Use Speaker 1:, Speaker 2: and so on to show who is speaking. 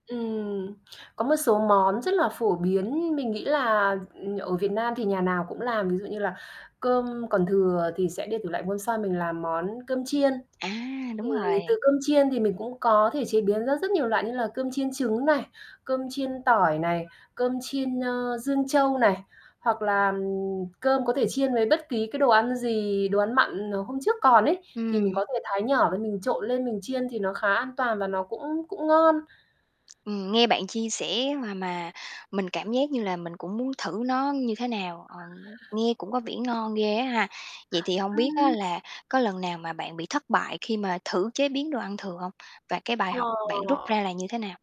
Speaker 1: Ừm, có một số món rất là phổ biến, mình nghĩ là, ừm, ở Việt Nam thì nhà nào cũng làm, ví dụ như là cơm còn thừa thì sẽ để tủ lạnh hôm sau mình làm món cơm chiên.
Speaker 2: À,
Speaker 1: Thì
Speaker 2: đúng rồi.
Speaker 1: từ cơm chiên thì mình cũng có thể chế biến ra rất nhiều loại như là cơm chiên trứng này, cơm chiên tỏi này, cơm chiên, ơ, Dương Châu này, hoặc là, ừm, cơm có thể chiên với bất ký cái đồ ăn gì, đồ ăn mặn, ờ, hôm trước còn ấy, thì mình
Speaker 2: Ừm.
Speaker 1: có thể thái nhỏ lên, mình trộn lên mình chiên thì nó khá an toàn và nó cũng cũng ngon.
Speaker 2: Ừm, nghe bạn chia sẻ mà mà mình cảm giác như là mình cũng muốn thử nó như thế nào, ờ, nghe cũng có vẻ ngon ghê á ha? Vậy thì hông biết á
Speaker 1: Ừm.
Speaker 2: là có lần nào mà bạn bị thất bại khi mà thử chế biến đồ ăn thừa hông? Và cái bài học bạn rút
Speaker 1: Ờ.
Speaker 2: ra là như thế nào?